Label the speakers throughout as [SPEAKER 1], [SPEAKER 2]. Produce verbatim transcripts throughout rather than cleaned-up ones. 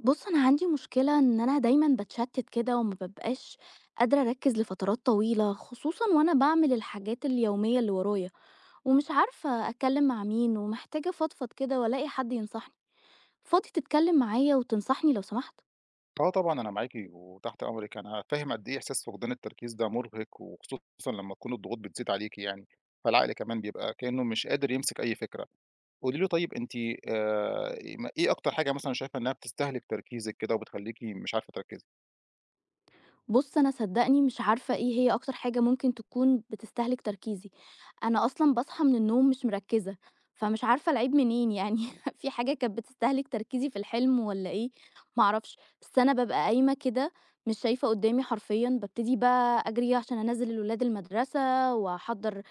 [SPEAKER 1] بُصّ أنا عندي مشكلة إن أنا دايمًا باتشتّت كده وما بابقاش قادرة اركّز لفترات طويلة، خصوصًا وأنا باعمل الحاجات اليومية اللي ورايا، ومش عارفة اتكلّم مع مين ومحتاجة افضفض كده والاقي حد ينصحني، فاضي تتكلّم معايا وتنصحني لو سمحت؟
[SPEAKER 2] آه طبعًا أنا معاكِ وتحت أمرِك، أنا فاهم قد إيه إحساس فقدان التركيز ده مُرِهق، وخصوصًا لمّا تكون الضغوط بتزيد عليكِ يعني، فالعقل كمان بيبقى كإنه مش قادر يمسك أي فكرة، قولي له طيب أنتِ آآ إيه ما إيه أكتر حاجة مثلًا شايفة إنّها بتستهلِك تركيزِك كده وبتخلّيكِ مش عارفة تركّزي؟
[SPEAKER 1] بُصّ أنا صدّقني مش عارفة إيه هي أكتر حاجة ممكن تكون بتستهلِك تركيزي، أنا أصلًا باصحى من النوم مش مركّزة، فمش عارفة العيب منين يعني، في حاجة كانت بتستهلِك تركيزي في الحلم والّا إيه، ما أعرفش، بس أنا بابقى قايمة كده مش شايفة قدّامي حرفيًا، بابتدي بقى أجري ي عشان انزّل الولاد المدرسة، واحضّر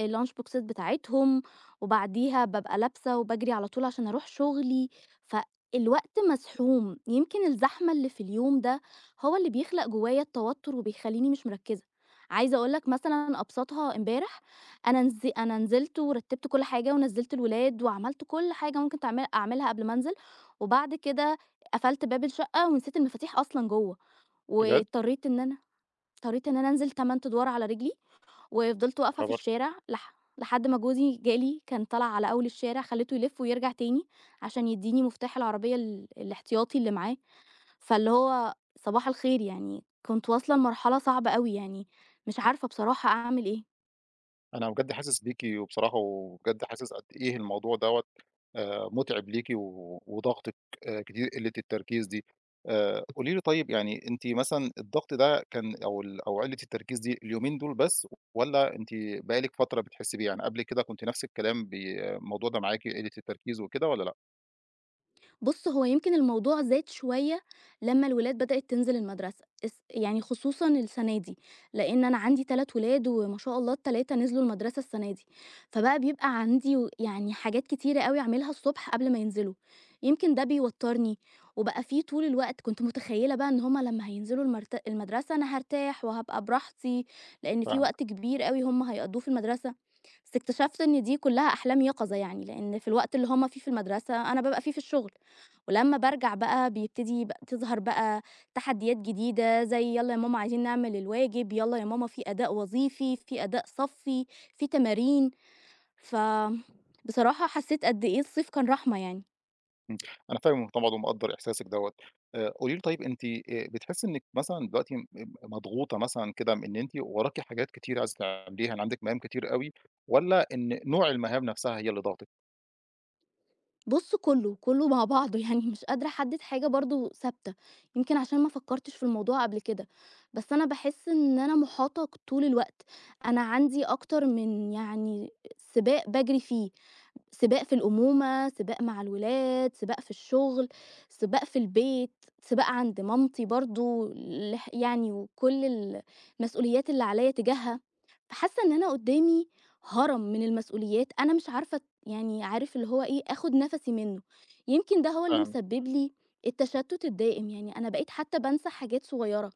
[SPEAKER 1] الLunch بوكسات بتاعتهم، وبعديها بابقى لابسة وباجري على طول عشان اروح شغلي، ف الوقت مزحوم، يمكن الزحمة اللي في اليوم ده هو اللي بيخلق جوايا التوتُّر وبيخلّيني مش مركّزة، عايزة اقول لك مثلًا ابساطها امبارح، أنا نز أنا نزلت ورتّبت كلّ حاجة ونزّلت الولاد وعملت كلّ حاجة ممكن تعمل اعملها قبل ما انزل، وبعد كده قفلت باب الشقة ونسيت المفاتيح أصلًا جوّه،
[SPEAKER 2] بجد.
[SPEAKER 1] واضطريت إن أنا اضطريت إن أنا انزل تَمَن أدوار على رجلي، وفضلت
[SPEAKER 2] يا
[SPEAKER 1] واقفة في
[SPEAKER 2] خبر!
[SPEAKER 1] الشارع، لح لحد ما جوزي جا لي كان طلع على أول الشارع خلّيته يلف ويرجع تاني، عشان يدّيني مفتاح العربية ال الإحتياطي اللي معاه، فاللي هو صباح الخير يعني، كنت واصلة لمرحلة صعبة أوي يعني، مش عارفة بصراحة أعمل إيه.
[SPEAKER 2] أنا بجد حاسس بيكِ وبصراحة وبجد حاسس قد إيه الموضوع دوَّة آآ، متعب ليكِ وضاغطِك كتير قلّة التركيز دي، آآ، قولي لي طيب يعني أنتِ مثلًا الضغط ده كان أو ال أو قلّة التركيز دي اليومين دُول بس والَّا أنتِ بقى لِك فترة بتحسي بيه يعني؟ قبل كده كنتِ نفس الكلام بي الموضوع ده معاكِ قلّة التركيز وكده والَّا لأ؟
[SPEAKER 1] بُصّ، هو يمكن الموضوع زاد شوية لمّا الولاد بدأت تنزل المدرسة، إس يعني خصوصًا السنة دي، لأن أنا عندي تلات ولاد وما شاء الله التلاتة نزلوا المدرسة السنة دي، فبقى بيبقى عندي و يعني حاجات كتيرة أوي أعملها الصبح قبل ما ينزلوا، يمكن ده بيوتَّرني، وبقى فيه طول الوقت كنت متخيلة بقى إن هم لمّا هينزلوا المرت المدرسة أنا هارتاح وهابقى براحتي، لأن فيه
[SPEAKER 2] فاهمِك.
[SPEAKER 1] وقت كبير أوي هم هيقضّوه في المدرسة، بس اكتشفت إن دي كلّها أحلام يقظة يعني، لأن في الوقت اللي هم فيه في المدرسة، أنا بابقى فيه في الشغل، ولمّا بارجع بقى بيبتدي بق تظهر بقى تحديات جديدة زي "يالّا يا ماما عايزين نعمل الواجب، يالّا يا ماما فيه أداء وظيفي، فيه أداء صفِّي، فيه تمارين." ف بصراحة حسيت قد إيه الصيف كان رحمة يعني.
[SPEAKER 2] إمم، أنا فاهمِك طبعًا ومقدر إحساسِك دوّة. آآ، قولي لي طيب أنتِ آآ بتحسي إنِك مثلًا دلوقتي م مضغوطة مثلًا كده إن أنتِ وراكِ حاجات كتيرة عايزة تعمليها عندِك مهام كتير أوي، والّا إن نوع المهام نفسها هي اللي ضاغطِك؟
[SPEAKER 1] بُص كله، كله مع بعضه يعني مش قادرة أحدد حاجة برضو ثابتة، يمكن عشان ما فكرتش في الموضوع قبل كده، بس أنا باحس إن أنا محاطة طول الوقت، أنا عندي أكتر من يعني سباق باجري فيه، سباق في الأمومة، سباق مع الولاد، سباق في الشغل، سباق في البيت، سباق عند مامتي برضو، لح يعني وكل ال المسئوليات اللي عليّا تجاهها؛ فحاسة إن أنا قدامي هَرَم من المسئوليات أنا مش عارفة يعني عارف اللي هو إيه أخد نفسي منه، يمكن ده هو اللي
[SPEAKER 2] فاهمِك.
[SPEAKER 1] مسبب لي التشتت الدائم، يعني أنا بقيت حتى بانسى حاجات صغيرة،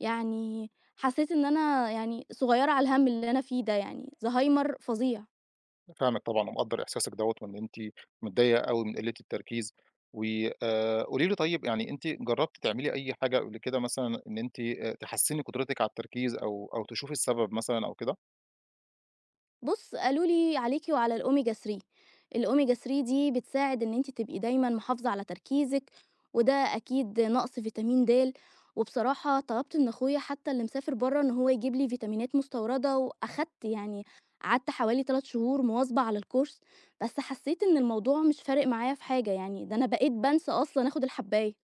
[SPEAKER 1] يعني حسيت إن أنا يعني صغيرة على الهَمّ اللي أنا فيه ده يعني، زهايمر فظيع.
[SPEAKER 2] أنا فاهمِك طبعًا ومقدر إحساسِك دوّة وإن أنتِ متضايقة أوي من قِلة التركيز، و آآ. قولي لي طيب يعني أنتِ جربتِ تعملي أي حاجة قبل كده مثلًا إن أنتِ تحسِّني قدرتِك على التركيز أو أو تشوفي السبب مثلًا أو كده؟
[SPEAKER 1] بُصّ، قالوا لي عليكِ وعلى الomega 3، الomega 3 دي بتساعد إن أنتِ تبقي دايمًا محافظة على تركيزِك، وده أكيد نقص فيتامين دال، وبصراحة طلبت من أخويا حتى اللي مسافر برّه إن هو يجيب لي فيتامينات مستوردة، وأخدت يعني قعدت حوالي تلات شهور مواظبة على الcourse بس حسيت إن الموضوع مش فارق معايا في حاجة يعني، ده أنا بقيت بانسى أصلًا آخد الحباية.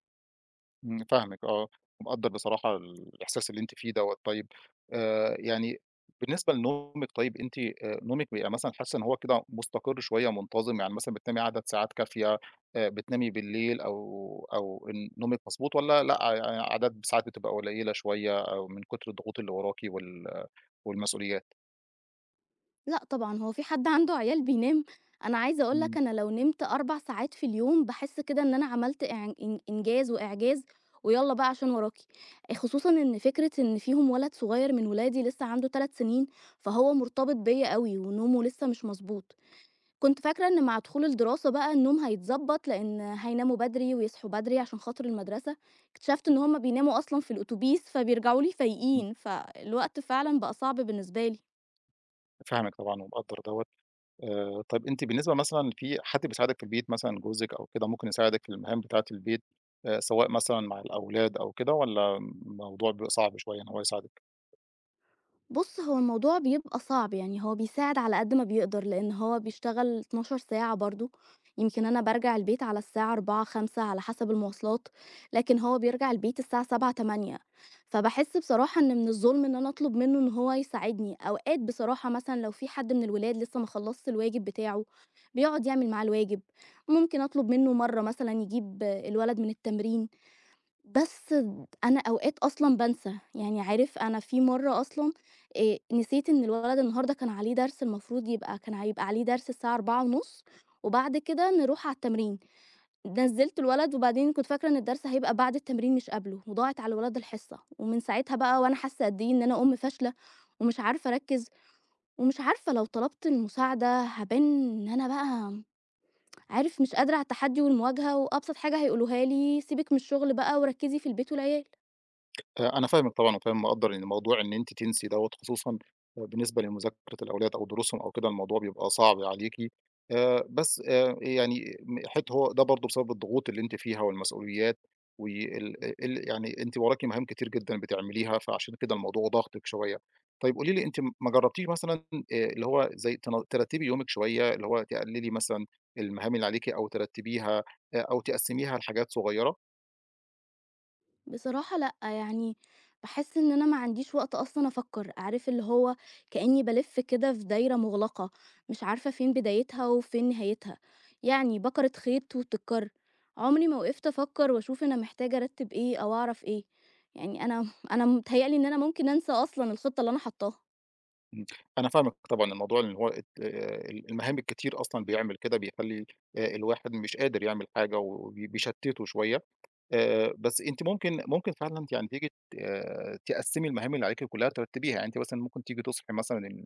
[SPEAKER 2] إمم، فاهمِك آه ومقدّر بصراحة الإحساس اللي أنتِ فيه دوَّة، طيب آآ، يعني بالنسبة لنومِك طيب، أنتِ آآ نومِك بيبقى مثلًا حاسة إن هو كده مستقر شوية منتظم، يعني مثلًا بتنامي عدد ساعات كافية، آآ بتنامي بالليل أو أو إن نومِك مضبوط والَّا لأ ع عدد ساعات بتبقى قليلة شوية أو من كُتر الضغوط اللي وراكِ وال والمسئوليات؟
[SPEAKER 1] لأ طبعًا، هو فيه حد عنده عيال بينام؟ أنا عايزة أقول لك
[SPEAKER 2] إمم.
[SPEAKER 1] أنا لو نمت أربع ساعات في اليوم باحس كده إن أنا عملت إع إن إنجاز وإعجاز ويالّا بقى عشان وراكِ، خصوصًا إن فكرة إن فيهم ولد صغير من ولادي لسه عنده تلات سنين، فهو مرتبط بيَّ أوي ونومُه لسه مش مضبوط، كنت فاكرة إن مع دخول الدراسة بقى النوم هيتضبَّط لأن هيناموا بدري، ويصحوا بدري، عشان خاطر المدرسة، اكتشفت إن هُم بيناموا أصلًا في الأوتوبيس فبيرجعوا لي
[SPEAKER 2] إمم.
[SPEAKER 1] فايقين، فالوقت فعلًا بقى صعب بالنسبة لي.
[SPEAKER 2] فاهمِك طبعًا ومقدّر دوَّة آآ، طيب أنتِ بالنسبة مثلًا فيه حد بيساعدِك في البيت مثلًا جوزِك أو كده ممكن يساعدِك في المهام بتاعة البيت، آآ سواء مثلًا مع الأولاد أو كده؟ والَّا الموضوع بيبقى صعب شوية إن هو يساعدِك؟
[SPEAKER 1] بُصّ هو الموضوع بيبقى صعب يعني هو بيساعد على قد ما بيقدر، لأن هو بيشتغل اتناشر ساعة برضه، يمكن أنا بارجع البيت على الساعة أربعة، خمسة على حسب المواصلات، لكن هو بيرجع البيت الساعة سبعة، تمانية فباحس بصراحة إن من الظُلم إن أنا أطلب منه إن هو يساعدني، أوقات بصراحة مثلًا لو في حد من الولاد لسه ما خلصش الواجب بتاعُه بيقعد يعمل معاه الواجب، ممكن أطلب منه مرّه مثلًا يجيب الولد من التمرين، بس أنا أوقات أصلًا بانسى يعني عارف أنا في مرة أصلًا آآ، نسيت إن الولد النهارده كان عليه درس المفروض يبقى كان هيبقى عليه درس الساعة أربعة ونُصّ وبعد كده نرُوح على التمرين، نزِّلت الولد وبعدين كنت فاكرة إن الدرس هيبقى بعد التمرين مش قبلُه، وضاعت على الولد الحصة، ومن ساعتها بقى وأنا حاسة قد إيه إن أنا أم فاشلة، ومش عارفة أركِّز، ومش عارفة لو طلبت المساعدة هابان إن أنا بقى عارف مش قادرة على التحدي والمواجهة، وأبسط حاجة هيقولوها لي سيبِك من الشغل بقى، وركِّزي في البيت والعيال.
[SPEAKER 2] آآ أنا فاهمِك طبعًا وفاهم مقدّر يعني الموضوع إن أنتِ تنسي دوّة، خصوصًا بالنسبة لمذاكرة الأولاد أو دروسهم أو كده الموضوع بيبقى صعب عليكِ، آآ بس آآ يعني إن حِت هو ده برضه بسبب الضغوط اللي أنتِ فيها والمسؤوليات، وال ال يعني أنتِ وراكِ مهام كتير جدًا بتعمليها، فعشان كده الموضوع ضاغطِك شوية، طيب قولي لي أنتِ ما جرّبتيش مثلًا آآ اللي هو زي تن ترتبي يومِك شوية، اللي هو تقللي مثلًا المهام اللي عليكِ أو ترتبيها، أ أو تقسّميها لحاجات صغيرة؟
[SPEAKER 1] بصراحة لأ، يعني باحس إن أنا ما عنديش وقت أصلًا أفكّر، عارف اللي هو كإني بالِف كده في دايرة مغلقة، مش عارفة فين بدايتها وفين نهايتها، يعني بَكَرِة خيط وبتتكر، عمري ما وقفت أفكّر وأشوف أنا محتاجة أرتّب إيه، أو أعرف إيه، يعني أنا أنا متهيألي إن أنا ممكن أنسى أصلًا الخطة اللي أنا حاطها.
[SPEAKER 2] إمم، أنا فاهمِك طبعًا الموضوع اللي هو آآ ال المهام الكتير أصلًا بيعمل كده، بيخلّي آآ الواحد مش قادر يعمل حاجة، وبي بيشتّته شوية، آآ بس أنتِ ممكن ممكن فعلًا ت يعني تيجي ت تِقَسِمي المهام اللي عليكِ كلّها ترتّبيها، يعني أنتِ مثلًا ممكن تيجي تصحي مثلًا ال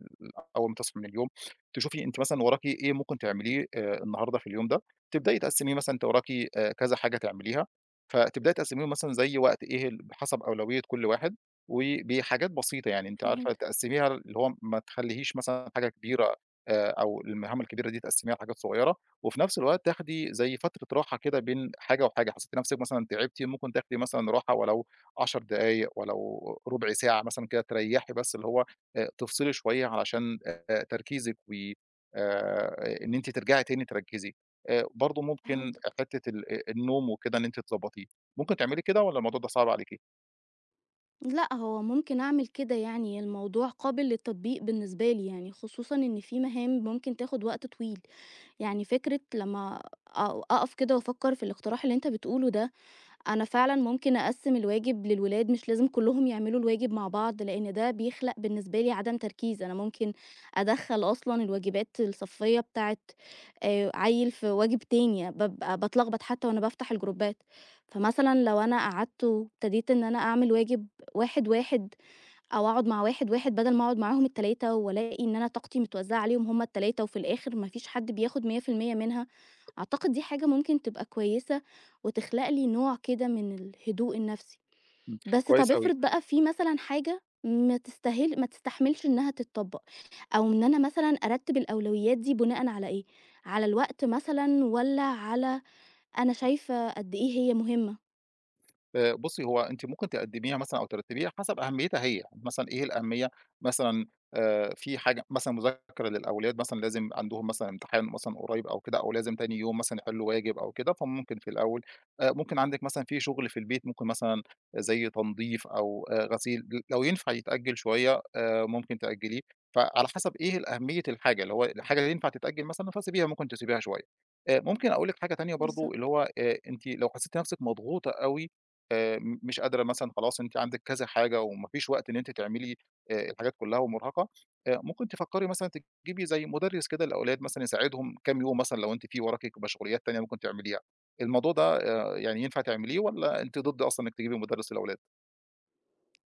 [SPEAKER 2] أول ما تصحي من اليوم، تشوفي أنتِ مثلًا وراكِ إيه ممكن تعمليه آآ النهارده في اليوم ده، تبدأي تقَسِمي مثلًا أنتِ وراكِ آآ كذا حاجة تعمليها، فتبدأي تقَسِميهم مثلًا زي وقت إيه ال بحسب أولوية كلّ واحد، وبحاجات بسيطة يعني أنتِ عارفة
[SPEAKER 1] فهمتك.
[SPEAKER 2] تِقَسِميها اللي هو ما تخلّيهيش مثلًا حاجة كبيرة آآ أو المهام الكبيرة دي تقسّميها حاجات صغيّرة، وفي نفْس الوقت تاخدي زي فترة راحة كده بين حاجة وحاجة، حسّيتِ نفْسِك مثلًا تعبتِ ممكن تاخدي مثلًا راحة ولو عشر دقايق، ولو ربع ساعة مثلًا كده تريّحي بس اللي هو إ تفصلي شوية علشان آآ تركيزِك و آآ إن أنتِ ترجعي تاني تركّزي، آآ برضه ممكن
[SPEAKER 1] فهمتك.
[SPEAKER 2] حتّة ال أ النوم وكده إن أنتِ تضبّطيه، ممكن تعملي كده والّا الموضوع ده صعب عليكِ؟
[SPEAKER 1] لأ، هو ممكن أعمل كده يعني، الموضوع قابِل للتطبيق بالنسبة لي يعني، خصوصًا إن في مهام ممكن تاخد وقت طويل. يعني فكرة لمّا أو أقَف كده وأفكّر في الإقتراح اللي أنت بتقوله ده، أنا فعلًا ممكن أقسِّم الواجب للولاد مش لازم كلّهم يعملوا الواجب مع بعض، لأن ده بيخلَق بالنسبة لي عدم تركيز، أنا ممكن أدخّل أصلًا الواجبات الصفيّة بتاعة آآ عيّل في واجب تاني، بابقى باتلخبط حتى وأنا بافتَح الجروبات، فمثلًا لو أنا قعَدت وابتديت إن أنا أعمل واجب واحد، واحد أو أقعد مع واحد، واحد بدَل ما أقعُد معاهم التلاتة وألاقي إن أنا طاقتي متوّزعة عليهم هُم التلاتة وفي الآخِر ما فيش حَد بياخد مِيّة في المِيّة منها، أعتقد دي حاجة ممكن تبقى كويسة وتخلَق لي نوع كده من الهدوء النفسي.
[SPEAKER 2] إمم.
[SPEAKER 1] بس طَب
[SPEAKER 2] كويس أوي.
[SPEAKER 1] افرِض بقى في مثلًا حاجة ما تستاهِل ما تستحمِلش إنها تتطبّق، أو إن أنا مثلًا أرتِّب الأولويّات دي بُناءً على إيه، على الوقت مثلًا والّا على أنا شايفة قد إيه هي مهمّة؟
[SPEAKER 2] آآ بُصّي هو أنتِ ممكن تقدّميها مثلًا أو ترتّبيها حسَب أهميتها هي، مثلًا إيه الأهمية، مثلًا آآ في حاجة مثلًا مذاكرة للأولاد مثلًا، لازم عَندهم مثلًا امتحان مثلًا قريّب أو كده أو لازم تاني يوم مثلًا يحلّوا واجب أو كده، فممكن في الأول. آآ ممكن عندِك مثلًا في شُغل في البيت ممكن مثلًا زي تنضيف أو آآ غسيل لو ينفع يتأجِّل شوية آآ، ممكن تأجّليه. فعلى حسَب إيه أهمية الحاجة، اللي هو الحاجة اللي ينفَع تتأجِّل مثلًا فسيبيها، ممكن تسيبيها شوية. آآ، ممكن أقول لِك حاجة تانية برضه، اللي
[SPEAKER 1] بالضبط.
[SPEAKER 2] هو آآ أنتِ لو حسّيتِ نفسِك مضغوطة أوي آآ، م مش قادرة مثلًا خلاص، أنتِ عندِك كذا حاجة وما فيش وقت إن أنتِ تعملي آآ الحاجات كلّها ومُرهَقة، آآ ممكن تفكّري مثلًا تجيبي زي مُدرِّس كده للأولاد مثلًا يساعدهم كام يوم مثلًا لو أنتِ في وراكِ مشغوليّات تانية ممكن تعمليها، الموضوع ده آآ يعني ينفَع تعمليه والّا أنتِ ضد أصلًا إنِك تجيبي مُدرِّس للأولاد؟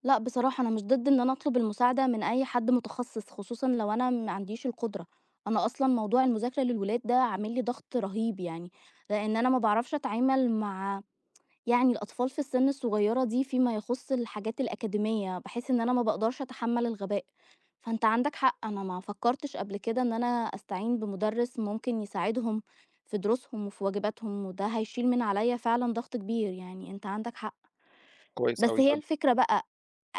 [SPEAKER 1] لأ بصراحة، أنا مش ضد إن أنا أطلب المساعدة من أي حد متخصِّص، خصوصًا لو أنا ما عنديش القدرة، أنا أصلًا موضوع المذاكرة للولاد ده عامل لي ضغط رهيب يعني، لإن أنا ما باعرفش أتعامل مع يعني الأطفال في السن الصغيرة دي، فيما يخص الحاجات الأكاديمية، باحس إن أنا ما باقدرش أتحمّل الغباء، فأنت عندك حق أنا ما فكّرتش قبل كده إن أنا أستعين بمدرّس ممكن يساعدهم في دروسهم وفي واجباتهم، وده هيشيل من عليَّ فعلًا ضغط كبير. يعني أنت عندك حق.
[SPEAKER 2] كويس
[SPEAKER 1] بس
[SPEAKER 2] أوي
[SPEAKER 1] هي
[SPEAKER 2] طَب
[SPEAKER 1] الفكرة بَقى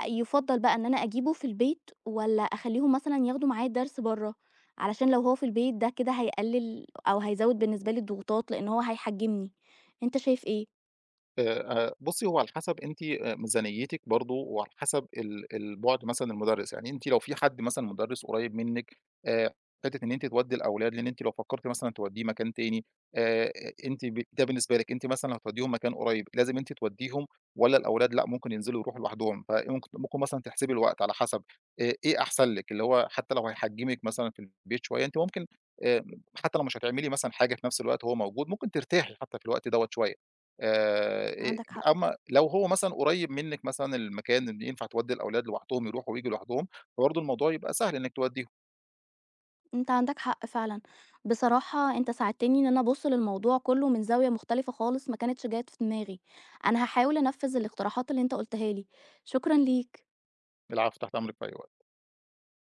[SPEAKER 1] يُفَضّل بَقى إن أنا أجيبُه في البيت والَّا أخليهم مثلًا ياخدوا معاه الدرس برّه؟ علشان لو هو في البيت ده كده هيقلّل أو هيزوّد بالنسبة لي الضغوطات لأن هو هيحجِّمني، أنت شايف إيه؟
[SPEAKER 2] آآ، آآ، بُصّي، هو على حسب أنتِ ميزانيتِك برضه وعلى حسب ال ال بُعد مثلًا المدرّس، يعني أنتِ لو في حد مثلًا مدرّس قريب منِّك آآ، حتة إن أنتِ تودي الأولاد لإن أنتِ لو فكرتِ مثلًا توديه مكان تاني، آآ، أنتِ ب ده بالنسبة لِك أنتِ مثلًا لو هتوديهم مكان قريب، لازم أنتِ توديهم والَّا الأولاد لأ ممكن ينزلوا يروحوا لوحدهم؟ فممكن ممكن مثلًا تحسبي الوقت على حسب آآ، إيه أحسن لِك اللي هو حتى لو هيحجِّمك مثلًا في البيت شوية أنتِ ممكن آآ، حتى لو مش هتعملي مثلًا حاجة في نفس الوقت وهو موجود، ممكن ترتاحي حتى في الوقت دوَّة شوية، آآ،
[SPEAKER 1] عندك حق.
[SPEAKER 2] أمّا لو هو مثلًا قريب منك مثلًا المكان إن ينفع تودّي الأولاد لوحدهم يروحوا وييجوا لوحدهم، فبرضه الموضوع يبقى سهل إنك توديهم.
[SPEAKER 1] أنت عندك حق فعلًا، بصراحة أنت ساعدتني إن أنا أبُصّ للموضوع كُلّه من زاوية مختلفة خالص، ما كانتش جات في دماغي أنا هاحاول أنفِّذ الاقتراحات اللي أنت قُلتها لي، شكرًا ليك.
[SPEAKER 2] العفو، تحت أمرِك في أي وقت.